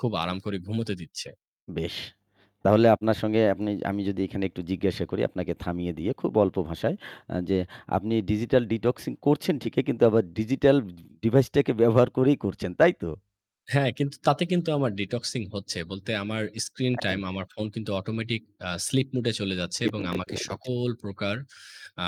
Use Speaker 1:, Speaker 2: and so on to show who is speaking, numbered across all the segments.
Speaker 1: খুব আরাম করে ঘুমোতে দিচ্ছে।
Speaker 2: বেশ। তাহলে আপনার সঙ্গে আপনি আমি যদি এখানে একটু জিজ্ঞাসা করি আপনাকে থামিয়ে দিয়ে খুব অল্প ভাষায় আ যে, আপনি digital detoxing করছেন ঠিকই কিন্তু আবার digital device টাকে ব্যবহার করেই করছেন, তাই তো?
Speaker 1: হ্যাঁ, কিন্তু তাতে কিন্তু আমার detoxing হচ্ছে বলতে আমার screen time
Speaker 2: হ্যাঁ।
Speaker 1: আমার ফোন কিন্তু automatic আ sleep mode এ চলে যাচ্ছে এবং আমাকে
Speaker 2: [unintelligible]
Speaker 1: সকল প্রকার আ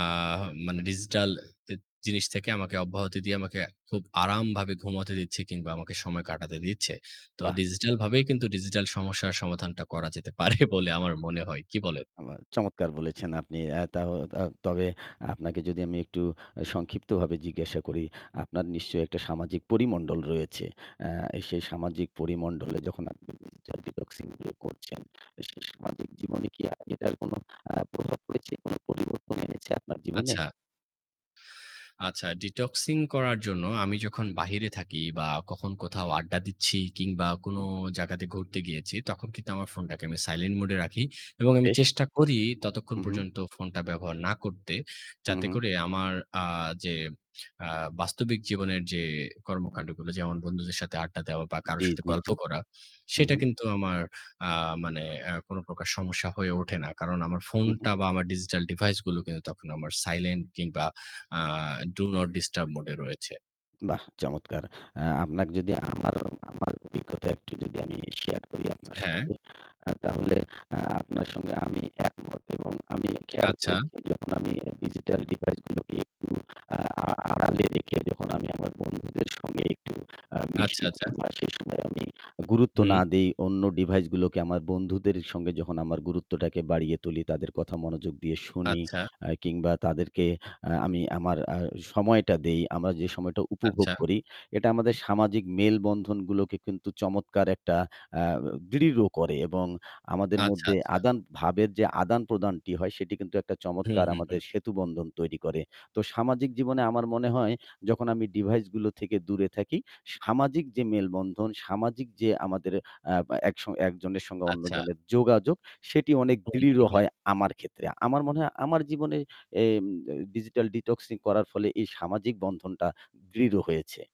Speaker 1: মানে digital জি-জিনিস থেকে আমাকে অব্যাহত দিয়ে আমাকে খুব আরামভাবে ঘুমাতে দিচ্ছে কিংবা আমাকে সময় কাটাতে দিচ্ছে। তো
Speaker 2: বাহ!
Speaker 1: digital ভাবেই কিন্তু digital সমস্যার সমাধানটা করা যেতে পারে বলে আমার মনে হয়। কি বলেন?
Speaker 2: আবা চমৎকার বলেছেন আপনি। আ তা-ত-তবে আপনাকে যদি আমি একটু আ সংক্ষিপ্তভাবে জিজ্ঞাসা করি, আপনার নিশ্চয়ই একটা সামাজিক পরিমণ্ডল রয়েছে। আ সেই সামাজিক পরিমন্ডলে যখন আপনি digital ডি-detoxing গুলো করছেন সে সামাজিক জীবনে কি আ এটার কোনো আ প্রভাব পড়েছে? কোনো পরিবর্তন এনেছে আপনার জীবনে?
Speaker 1: আচ্ছা। আচ্ছা, detoxing করার জন্য আমি যখন বাহিরে থাকি বা কখন কোথাও আড্ডা দিচ্ছি কিংবা কোন
Speaker 2: হুম।
Speaker 1: জায়গাতে ঘুরতে গিয়েছি তখন কিন্তু আমার ফোনটাকে আমি silent mode এ রাখি এবং আমি
Speaker 2: বেশ।
Speaker 1: চেষ্টা করি ততক্ষণ
Speaker 2: হু, হুম।
Speaker 1: পর্যন্ত ফোনটা ব্যবহার না করতে
Speaker 2: হু,
Speaker 1: যাতে
Speaker 2: হুম।
Speaker 1: করে আমার আ যে আ বাস্তবিক জীবনের যে কর্মকাণ্ডগুলো, যেমন বন্ধুদের সাথে আড্ডা দেওয়া বা কারো
Speaker 2: জি,
Speaker 1: সাথে
Speaker 2: জি,
Speaker 1: গল্প
Speaker 2: জি।
Speaker 1: করা।
Speaker 2: হু,
Speaker 1: সেটা
Speaker 2: হুম
Speaker 1: কিন্তু আমার আ মানে আ কোন প্রকার সমস্যা হয়ে ওঠে না। কারণ আমার
Speaker 2: হু, হুম।
Speaker 1: ফোনটা বা আমার digital device গুলোকে তখন আমার silent কিংবা আ Do not disturb mode এ রয়েছে।
Speaker 2: বাহ! চমৎকার! আ আপনাকে যদি আমার আমার অভিজ্ঞতা একটু যদি আমি share করি আপনার
Speaker 1: হ্যাঁ।
Speaker 2: সঙ্গে, আ তাহলে আ-আপনার সঙ্গে আমি একমত এবং আমি খেয়াল
Speaker 1: আচ্ছা।
Speaker 2: করেছি যখন আমি আ digital device গুলোকে একটু আ আড়ালে রেখে যখন আমি আমার বন্ধুদের সঙ্গে একটু আ
Speaker 1: আচ্ছা, আচ্ছা।
Speaker 2: [unintelligible] বা সে সময়ে আমি গুরুত্ব
Speaker 1: হুম।
Speaker 2: না দেই অন্য device গুলোকে, আমার বন্ধুদের সঙ্গে যখন আমার গুরুত্বটাকে বাড়িয়ে তুলি, তাদের কথা মনোযোগ দিয়ে শুনি
Speaker 1: আচ্ছা।
Speaker 2: আ কিংবা তাদেরকে আ আমি আমার আ সময়টা দেই, আমরা যে সময়টা উপভোগ
Speaker 1: আচ্ছা।
Speaker 2: করি এটা আমাদের সামাজিক মেলবন্ধনগুলোকে কিন্তু চমৎকার একটা আ দৃঢ় করে এবং আমাদের
Speaker 1: আচ্ছা,
Speaker 2: মধ্যে
Speaker 1: আচ্ছা।
Speaker 2: আদান ভাবের যে আদান-প্রদানটি হয় সেটি কিন্তু একটা
Speaker 1: হুম,
Speaker 2: চমৎকার
Speaker 1: হুম, হুম।
Speaker 2: আমাদের সেতুবন্ধন তৈরি করে। তো সামাজিক জীবনে আমার মনে হয় যখন আমি device গুলো থেকে দূরে থাকি, সামাজিক যে মেলবন্ধন, সামাজিক যে আমাদের আ একস একজনের সঙ্গে
Speaker 1: আচ্ছা।
Speaker 2: অন্যজনের যোগাযোগ, সেটি অনেক
Speaker 1: হুম,
Speaker 2: দৃঢ়
Speaker 1: হুম, হুম।
Speaker 2: হয় আমার ক্ষেত্রে। আমার মনে হয় আমার জীবনে এইম ত digital detoxing করার ফলে এই সামাজিক বন্ধনটা দৃঢ় হয়েছে।